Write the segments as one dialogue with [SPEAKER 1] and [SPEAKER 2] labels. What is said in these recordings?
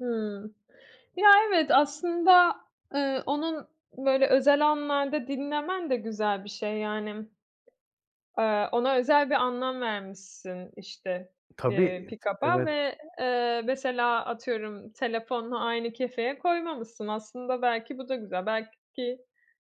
[SPEAKER 1] Hımm. Ya, evet, aslında, eee, onun, böyle, özel anlarda dinlemen de güzel bir şey. Yani, eee, ona özel bir anlam vermişsin, işte,
[SPEAKER 2] Tabii,
[SPEAKER 1] eee,
[SPEAKER 2] iii,
[SPEAKER 1] pikaba
[SPEAKER 2] evet.
[SPEAKER 1] ve, eee, mesela, atıyorum, telefonla aynı kefeye koymamışsın. Aslında belki bu da güzel, belki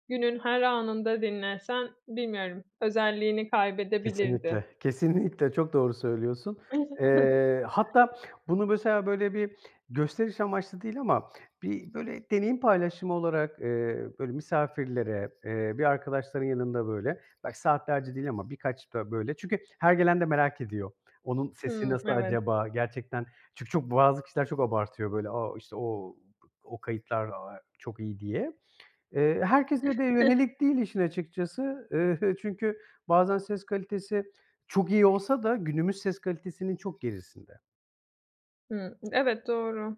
[SPEAKER 1] günün her anında dinlesen, bilmiyorum, özelliğini kaybedebilirdi.
[SPEAKER 2] Kesinlikle, kesinlikle, çok doğru söylüyorsun. Eee, hatta bunu mesela, böyle, bir gösteriş amaçlı değil ama bir böyle deneyim paylaşımı olarak, eee, böyle, misafirlere, eee, bir arkadaşların yanında, böyle, belki saatlerce değil ama birkaç da böyle Çünkü her gelen de merak ediyor. Onun sesi
[SPEAKER 1] Hımm,
[SPEAKER 2] nasıl
[SPEAKER 1] evet.
[SPEAKER 2] acaba? Gerçekten Çünkü çok bazı kişiler çok abartıyor, böyle, "A! işte, o! o kayıtlar, aaa, çok iyi." diye. Eee, herkese de yönelik değil işin açıkçası, eee, çünkü bazen ses kalitesi çok iyi olsa da günümüz ses kalitesinin çok gerisinde.
[SPEAKER 1] Hıı. Evet, doğru.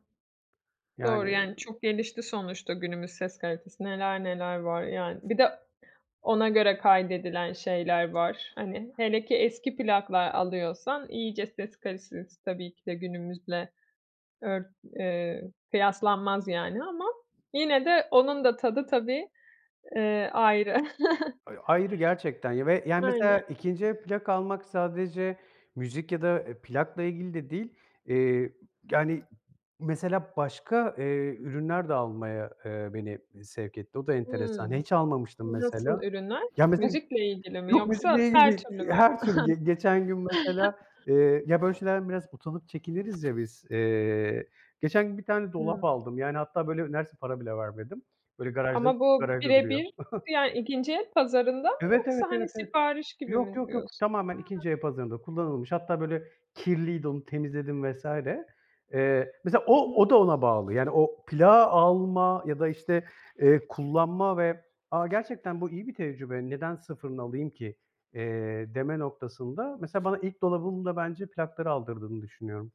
[SPEAKER 1] Doğru,
[SPEAKER 2] Yani
[SPEAKER 1] yani çok gelişti sonuçta günümüz ses kalitesi, neler neler var, yani. Bir de ona göre kaydedilen şeyler var, hani, hele ki eski plaklar alıyorsan iyice ses kalitesi tabii ki de günümüzle ört eee, kıyaslanmaz yani ama yine de onun da tadı tabii, eee, ayrı.
[SPEAKER 2] Ay ayrı gerçekten. Ya, ve, yani, mesela
[SPEAKER 1] Aynen.
[SPEAKER 2] 2'nci el plak almak sadece müzik ya da, eee, plakla ilgili de değil, eee, [unintelligible] yani, mesela başka, eee, ürünler de almaya, eee, beni i sevk etti. O da enteresan,
[SPEAKER 1] Hımm.
[SPEAKER 2] hiç almamıştım
[SPEAKER 1] Nasıl
[SPEAKER 2] mesela.
[SPEAKER 1] ürünler?
[SPEAKER 2] Ya, mesela
[SPEAKER 1] Müzikle ilgili mi
[SPEAKER 2] Yok,
[SPEAKER 1] yoksa
[SPEAKER 2] müzikle ilgili
[SPEAKER 1] her
[SPEAKER 2] değil,
[SPEAKER 1] türlü
[SPEAKER 2] eee,
[SPEAKER 1] mü?
[SPEAKER 2] her türlü. G geçen gün mesela, eee Ya, böyle şeylerden biraz utanıp çekiniriz ya biz, eee, geçen gün 1 tane dolap
[SPEAKER 1] Hımm.
[SPEAKER 2] aldım. Yani hatta, böyle, neredeyse para bile vermedim. Böyle, garajda
[SPEAKER 1] Ama bu
[SPEAKER 2] garajda
[SPEAKER 1] bire
[SPEAKER 2] duruyor.
[SPEAKER 1] bir yani, 2'nci el pazarında mı
[SPEAKER 2] Evet, evet,
[SPEAKER 1] yoksa, hani,
[SPEAKER 2] evet, evet.
[SPEAKER 1] sipariş gibi
[SPEAKER 2] Yok,
[SPEAKER 1] mi
[SPEAKER 2] yok, yok.
[SPEAKER 1] diyorsun? A!
[SPEAKER 2] Tamamen 2'nci el pazarında kullanılmış. Hatta, böyle kirliydi onu temizledim vs. Eee, mesela o
[SPEAKER 1] Hıı.
[SPEAKER 2] o da ona bağlı. Yani o plağı alma ya da, işte, eee, kullanma ve, "A, gerçekten bu iyi bir tecrübe, neden sıfırını alayım ki?" eee, deme noktasında mesela bana ilk dolabımı da bence plakların aldırdığını düşünüyorum.